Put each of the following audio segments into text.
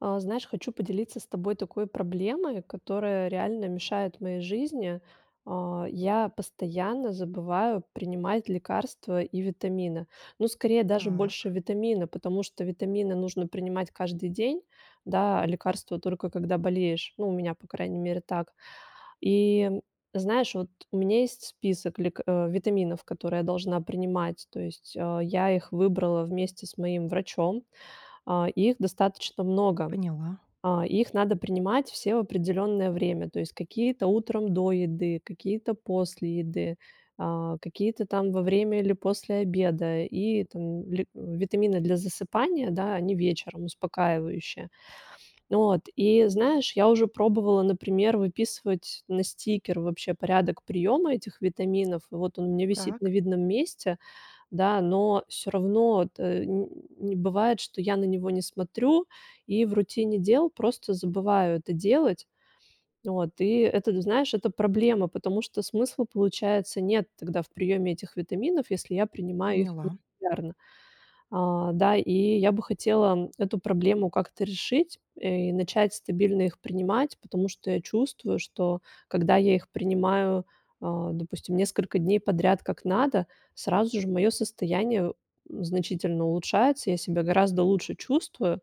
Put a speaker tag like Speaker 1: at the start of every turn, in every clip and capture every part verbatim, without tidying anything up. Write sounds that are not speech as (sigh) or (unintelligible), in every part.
Speaker 1: А, знаешь, хочу поделиться с тобой такой проблемой, которая реально мешает моей жизни. А, я постоянно забываю принимать лекарства и витамины. Ну, скорее, даже больше
Speaker 2: Так.
Speaker 1: витамины, потому что витамины нужно принимать каждый день, да, а лекарства- только когда болеешь. Ну, у меня, по крайней мере, так. И, знаешь, от, у меня есть список лек э, витаминов, которые я должна принимать, то есть, а, я их выбрала вместе с моим врачом. А, их достаточно много.
Speaker 2: Поняла.
Speaker 1: А, их надо принимать все в определенное время, то есть, какие-то утром до еды, какие-то после еды, а, какие-то, там, во время, или после обеда, и, там, ле витамины для засыпания, да, они вечером, успокаивающие. От, и знаешь, я уже пробовала, например, выписывать на стикер, вообще, порядок приема этих витаминов, вот, он у меня висит на
Speaker 2: Так.
Speaker 1: видном месте, да, но всё равно, от, э, нь бывает, что я на него не смотрю, и, в рутине дел, просто забываю это делать. Вот, и это, знаешь, это проблема, потому что смысла, получается, нет тогда в приеме этих витаминов, если я принимаю их
Speaker 2: Поняла.
Speaker 1: нерегулярно. А, да, и я бы хотела эту проблему как-то решить, э, и начать стабильно их принимать, потому что я чувствую, что когда я их принимаю, э, допустим, несколько дней подряд, как надо, сразу же мое состояние значительно улучшается, я себя гораздо лучше чувствую,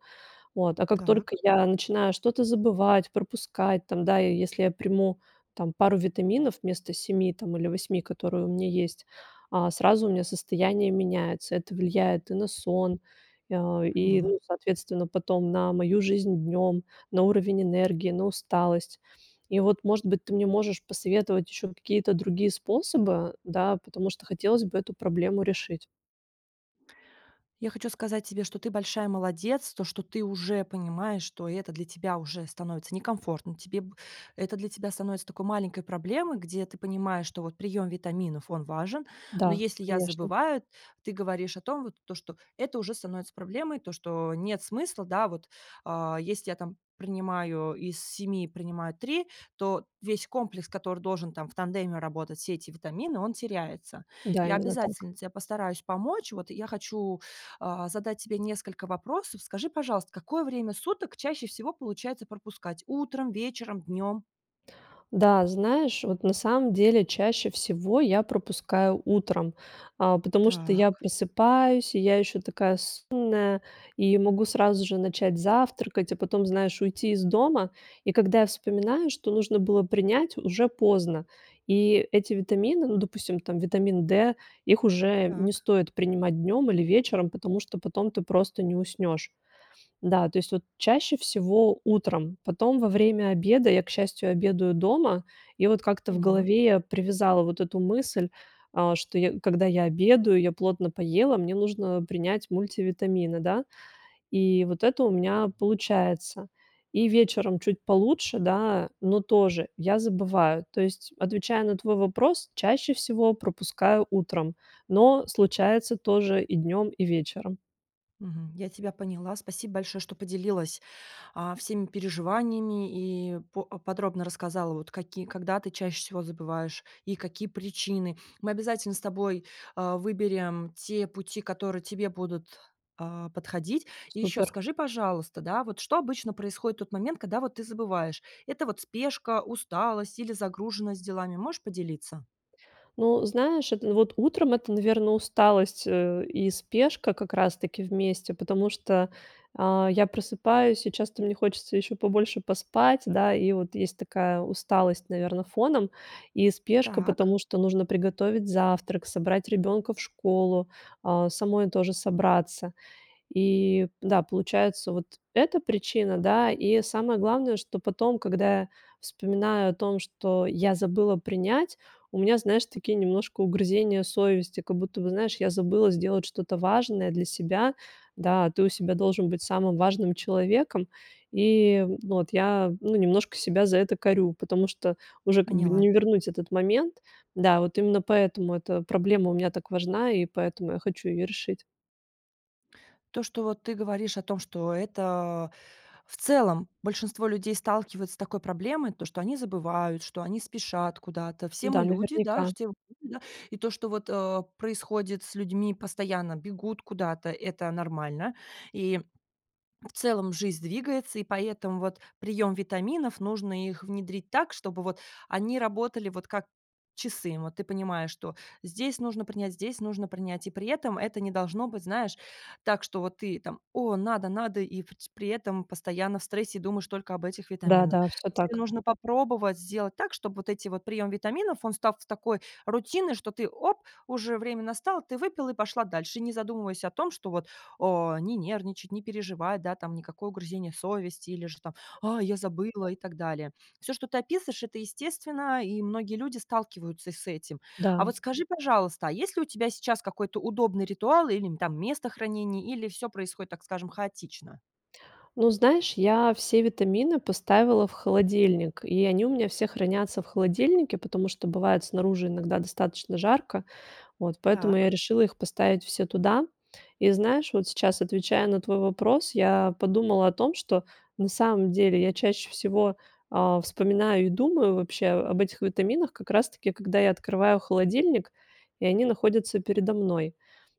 Speaker 1: от, а как
Speaker 2: Так.
Speaker 1: только я начинаю что-то забывать, пропускать, там, да, если я приму, там, пару витаминов, вместо семи, там, или восьми, которые у меня есть, а, сразу у меня состояние меняется. Это влияет и на сон, а, и,
Speaker 2: Поняла.
Speaker 1: ну, соответственно, потом на мою жизнь днем, на уровень энергии, на усталость. И, вот, может быть, ты мне можешь посоветовать еще какие-то другие способы, да, потому что хотелось бы эту проблему решить.
Speaker 2: Я хочу сказать тебе, что ты большая молодец, то, что ты уже понимаешь, что это для тебя уже становится некомфортно, тебе б это для тебя становится такой маленькой проблемой, где ты понимаешь, что, вот, прием витаминов он важен, но
Speaker 1: Да,
Speaker 2: если я
Speaker 1: конечно.
Speaker 2: забываю, ты говоришь о том, вот, то, что это уже становится проблемой, то, что нет смысла, да, вот, а. Если я, там, принимаю из семи принимаю три, то весь комплекс, который должен, там, в тандеме работать, все эти витамины, он теряется.
Speaker 1: Да,
Speaker 2: Я
Speaker 1: именно так.
Speaker 2: обязательно те постараюсь помочь, вот, я хочу, а, задать тебе несколько вопросов. Скажи, пожалуйста, какое время суток чаще всего получается пропускать: утром, вечером, днем?
Speaker 1: Да, знаешь, вот на самом деле, чаще всего я пропускаю утром, а, потому что я
Speaker 2: Так.
Speaker 1: просыпаюсь и я еще такая сонная и могу сразу же начать завтракать, а потом, знаешь, уйти из дома. И когда я вспоминаю, что нужно было принять, уже поздно и эти витамины, ну допустим, там, витамин D, их уже не
Speaker 2: Так.
Speaker 1: стоит принимать днем или вечером, потому что потом ты просто не уснешь. Да, то есть, вот, чаще всего утром, потом во время обеда, я, к счастью, обедаю дома, и, вот, как-то в
Speaker 2: Поняла.
Speaker 1: голове я привязала вот эту мысль, а, что я когда я обедаю, я плотно поела, мне нужно принять мультивитамины, да, и вот это у меня получается. И вечером чуть получше, да, но тоже я забываю. То есть, отвечая на твой вопрос, чаще всего пропускаю утром, но случается тоже и днем, и вечером.
Speaker 2: Мгм, я тебя поняла. Спасибо большое, что поделилась, а, всеми переживаниями и по подробно рассказала, вот, какие когда ты чаще всего забываешь и какие причины. Мы обязательно с тобой, э, выберем те пути, которые тебе будут, а, подходить. И еще
Speaker 1: Супер.
Speaker 2: скажи, пожалуйста, да, вот, что обычно происходит в тот момент, когда, вот, ты забываешь: это, вот, спешка, усталость или загруженность делами? Можешь поделиться?
Speaker 1: Ну, знаешь, это, вот, утром это, наверно, усталость, э, и спешка как раз таки вместе, потому что, а, я просыпаюсь и часто мне хочется еще побольше поспать, да, и вот есть такая усталость, наверно, фоном и спешка,
Speaker 2: Так.
Speaker 1: потому что нужно приготовить завтрак, собрать ребенка в школу, а, самой тоже собраться. И, да, получается вот эта причина, да, и самое главное, что потом, когда я вспоминаю о том, что я забыла принять, у меня, знаешь, такие немножко угрызения совести, как будто бы, знаешь, я забыла сделать что-то важное для себя, да. Ты у себя должен быть самым важным человеком и, ну, вот, я, ну, немножко себя за это корю, потому что уже как бы
Speaker 2: Поняла.
Speaker 1: не вернуть этот момент. Да, вот, именно поэтому эта проблема у меня так важна и поэтому я хочу ее решить.
Speaker 2: То, что, вот, ты говоришь о том, что это, в целом, большинство людей сталкиваются с такой проблемой, то, что они забывают, что они спешат куда-то, все
Speaker 1: Да,
Speaker 2: мы люди, да,
Speaker 1: наверняка.
Speaker 2: все мы люди, да. И то, что, вот, э, происходит с людьми, постоянно бегут куда-то- это нормально и, в целом, жизнь двигается, и поэтому, вот, прием витаминов, нужно их внедрить так, чтобы, вот, они работали, вот, как часы. Вот, ты понимаешь, что здесь нужно принять, здесь нужно принять, и при этом это не должно быть, знаешь, так, что, вот ты там, о, надо, надо, и воть при этом постоянно в стрессе, думаешь только об этих
Speaker 1: Да,
Speaker 2: витаминах.
Speaker 1: да, всё
Speaker 2: Тебе
Speaker 1: так.
Speaker 2: нужно попробовать сделать так, чтобы вот эти вот прием витаминов, он став такой рутиной, что ты: "Оп, уже время настало!". Ты выпила, пошла дальше, не задумываясь о том, что, вот, о, не нервничать, не переживать, да, там, никакое угрызение совести, или же, там: "А, я забыла" и так далее. Всё, что ты описываешь, это естественно, и многие люди сталкиваются с этим. А
Speaker 1: Да.
Speaker 2: вот скажи, пожалуйста, а есть ли у тебя сейчас какой-то удобный ритуал или, там, место хранения, или всё происходит, так скажем, хаотично?
Speaker 1: Ну, знаешь, я все витамины поставила в холодильник, и они у меня все хранятся в холодильнике, потому что бывает снаружи иногда достаточно жарко, вот, поэтому я
Speaker 2: Так.
Speaker 1: решила их поставить все туда. И знаешь, вот, сейчас, отвечая на твой вопрос, я подумала о том, что на самом деле я чаще всего, а, вспоминаю и думаю вообще об этих витаминах как раз таки, когда я открываю холодильник, и они находятся передо мной.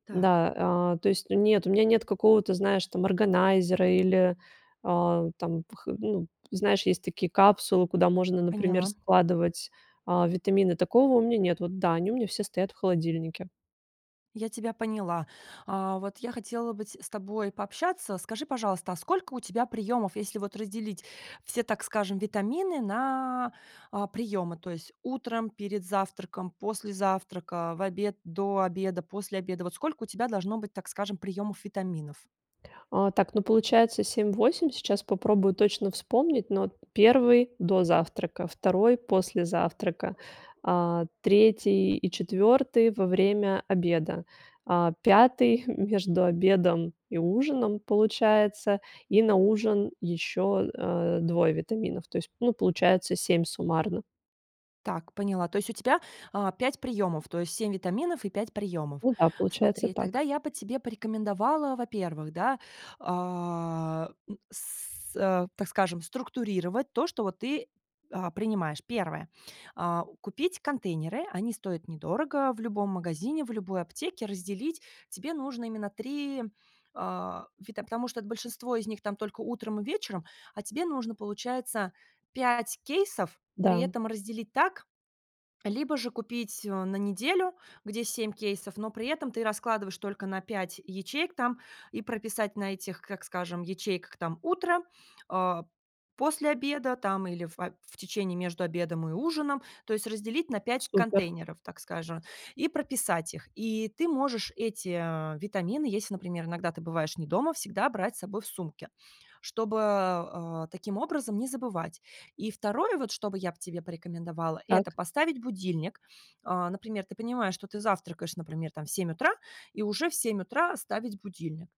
Speaker 2: Так.
Speaker 1: Да, э, то есть нет, у меня нет какого-то, знаешь, там, органайзера или, а, там, вх ну, знаешь, есть такие капсулы, куда можно, например,
Speaker 2: Поняла.
Speaker 1: складывать, а, витамины. Такого у меня нет, вот, да, они у меня все стоят в холодильнике.
Speaker 2: Я тебя поняла. А, вот я хотела бы те с тобой пообщаться. Скажи, пожалуйста, а сколько у тебя приемов, если вот разделить все, так скажем, витамины на а, приемы, то есть утром, перед завтраком, после завтрака, в обед, до обеда, после обеда. Вот сколько у тебя должно быть, так скажем, приемов витаминов?
Speaker 1: А, так, ну, получается семь, восемь. Сейчас попробую точно вспомнить, ну, вот, первый до завтрака, второй после завтрака, а, третий и четвертый- во время обеда, а, пятый- (chuckles) между обедом и ужином, получается, и на ужин еще, а, двое витаминов, то есть, ну, получается семь суммарно.
Speaker 2: Так, поняла. То есть у тебя, а, пять приемов, то есть семь витаминов и пять приемов.
Speaker 1: Ну да. Получается
Speaker 2: Смотри,
Speaker 1: так.
Speaker 2: тогда я бы тебе порекомендовала, во-первых, да, а, м, с с э, так скажем, структурировать то, что вот ты, а, принимаешь. первое, а, купить контейнеры- они стоят недорого в любом магазине, в любой аптеке. Разделить тебе нужно именно три, а, вита потому что большинство из них- там, только утром и вечером, а тебе нужно, получается, пять кейсов, при
Speaker 1: Да.
Speaker 2: этом разделить так Либо же купить, э, на неделю, где семь кейсов, но при этом ты раскладываешь только на пять ячеек, там, и прописать на этих, как скажем, ячейках, там: "Утро", а, "После обеда",- там, или фа в течении, между обедом и ужином, то есть разделить на пять
Speaker 1: Супер.
Speaker 2: контейнеров, так скажем, и прописать их. И ты можешь эти, а, витамины, еси, например, иногда ты бываешь не дома, всегда брать с собой в сумке, чтобы, а, таким образом не забывать. И второе вот, что бы я б тебе порекомендовала,- это
Speaker 1: Так.
Speaker 2: поставить будильник. А, например, ты понимаешь, что ты завтракаешь, например, там в семь утра, и уже в семь утра ставить будильник.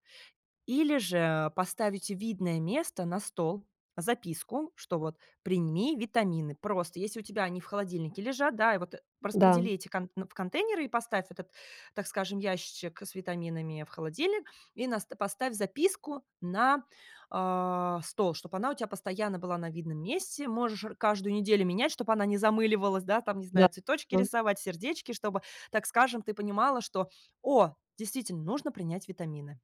Speaker 2: Или же, э, поставить в видное место, на стол, записку, что вот: "Прими витамины". Просто, еси у тебя они в холодильнике лежат, да, и вот
Speaker 1: Да.
Speaker 2: распредели эти конт в контейнеры, и поставь этот, так скажем, ящичек с витаминами в холодильник, и наста поставь записку на, а, стол, чтоб она у тя постоянно была на видном месте. Можешь р каждую неделю менять, чтоб она не замыливалась, да, там, не
Speaker 1: Нет.
Speaker 2: знаю, цветочки
Speaker 1: (unintelligible)
Speaker 2: рисовать, сердечки, чтобы, так скажем, ты понимала, что: "О, действительно, нужно принять витамины".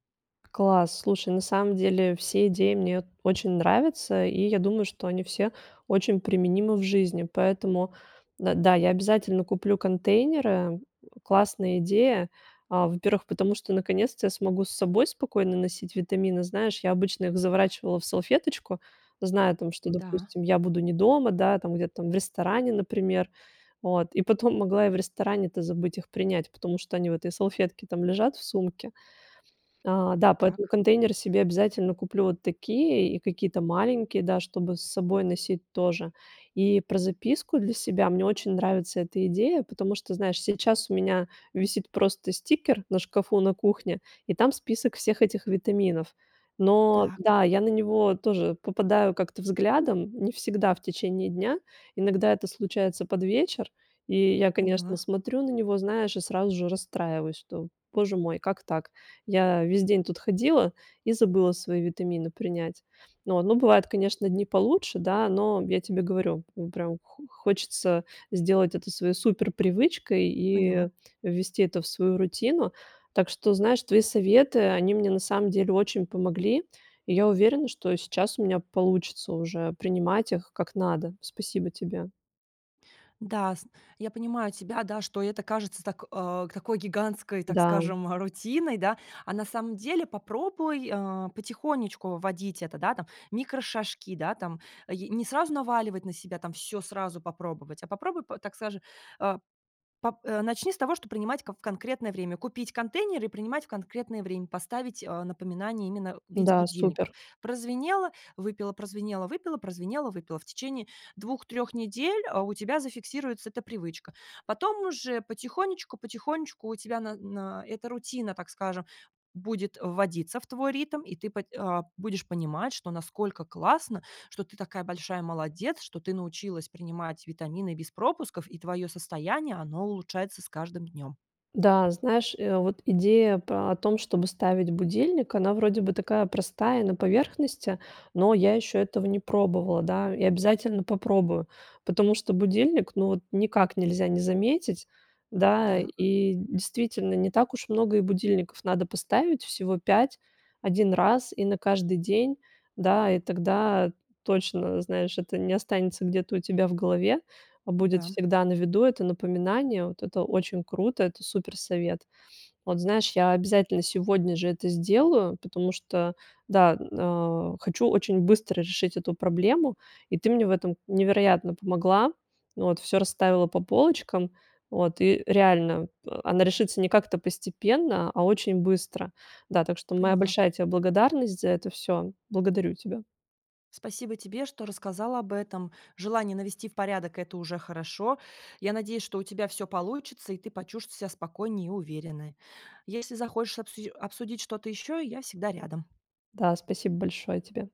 Speaker 1: Класс! Слушай, на самом деле все идеи мне вот очень нравятся, и я думаю, что они все очень применимы в жизни, поэтому, э, да, я обязательно куплю контейнеры. К классная идея, а, во-первых, потому что наконец-то я смогу с собой спокойно носить витамины. Знаешь, я обычно их заворачивала в салфеточку, зная, там, что,
Speaker 2: Да.
Speaker 1: допустим, я буду не дома, да, там, где-то там в ресторане, например, вот. И потом могла и в ресторане-то забыть их принять, потому что они в этой салфетке там лежат в сумке. А, да, поэтому
Speaker 2: Так.
Speaker 1: контейнеры себе обязательно куплю вот такие, и какие-то маленькие, да, чтобы с собой носить, тоже. И про записку для себя- мне очень нравится эта идея, потому что, знаешь, сейчас у меня висит просто стикер на шкафу, на кухне, и там список всех этих витаминов. Но,
Speaker 2: Так.
Speaker 1: да, я на него тоже попадаю как-то взглядом, не всегда в течение дня, иногда это случается под вечер, и я, конечно,
Speaker 2: Поняла.
Speaker 1: смотрю на него, знаешь, и сразу же расстраиваюсь, что: "Боже мой, как так, я весь день тут ходила и забыла свои витамины принять". Вот. Ну, бывают, конечно, дни получше, да, но я тебе говорю, ну, прям хо хочется сделать это своей суперпривычкой
Speaker 2: Поняла.
Speaker 1: и ввести это в свою рутину. Так что, знаешь, твои советы, они мне, на самом деле, очень помогли, и я уверена, что сейчас у меня получится уже принимать их, как надо. Спасибо тебе.
Speaker 2: Да, сн я понимаю тебя, да, что это кажется так э, такой гигантской, так
Speaker 1: Да.
Speaker 2: скажем, рутиной, да, а на самом деле попробуй, а, потихонечку вводить это, да, там, микрошажки, да, там, ае не сразу наваливать на себя, там, всё сразу попробовать, а попробуй, п так саже, а, пап э, начни с того, что принимать ка в конкретное время, купить контейнеры и принимать в конкретное время, поставить, а, напоминание именно в виде
Speaker 1: Да,
Speaker 2: будильников.
Speaker 1: супер.
Speaker 2: Прозвенело- выпила, прозвенело- выпила, прозвенело- выпила. В течение двух, трех недель, а, у тебя зафиксируется эта привычка. Потом уже потихонечку, потихонечку у тебя на на эта рутина, так скажем, будет вводиться в твой ритм, и ты пат э, будешь понимать, что насколько классно, что ты такая большая молодец, что ты научилась принимать витамины без пропусков, и твое состояние, оно улучшается с каждым днем.
Speaker 1: Да, знаешь, э, а вот идея па о том, чтобы ставить будильник, она вроде бы такая простая, на поверхности, но я еще этого не пробовала, да, и обязательно попробую, потому что будильник- ну вот никак нельзя не заметить, да.
Speaker 2: Так.
Speaker 1: И, действительно, не так уж много и будильников надо поставить, всего пять, один раз, и на каждый день, да, и тогда точно, знаешь, это не останется где-то у тебя в голове, а будет
Speaker 2: Да.
Speaker 1: всегда на виду это напоминание, вот- это очень круто, это супер совет. Вот, знаешь, я обязательно сегодня же это сделаю, потому что, да, н а, хочу очень быстро решить эту проблему, и ты мне в этом невероятно помогла, вот, всё расставила по полочкам, вот, и реально, э, она решится не как-то постепенно, а очень быстро. Да, так что моя
Speaker 2: Поняла.
Speaker 1: большая тебе благодарность за это всё. Благодарю тебя.
Speaker 2: Спасибо тебе, что рассказала об этом. Желание навести в порядок- это уже хорошо. Я надеюсь, что у тебя всё получится и ты почувстс себя спокойнее и уверенной. Если захошь обсуж обсудить что-то еще, я всегда рядом.
Speaker 1: Да, спасибо большое тебе.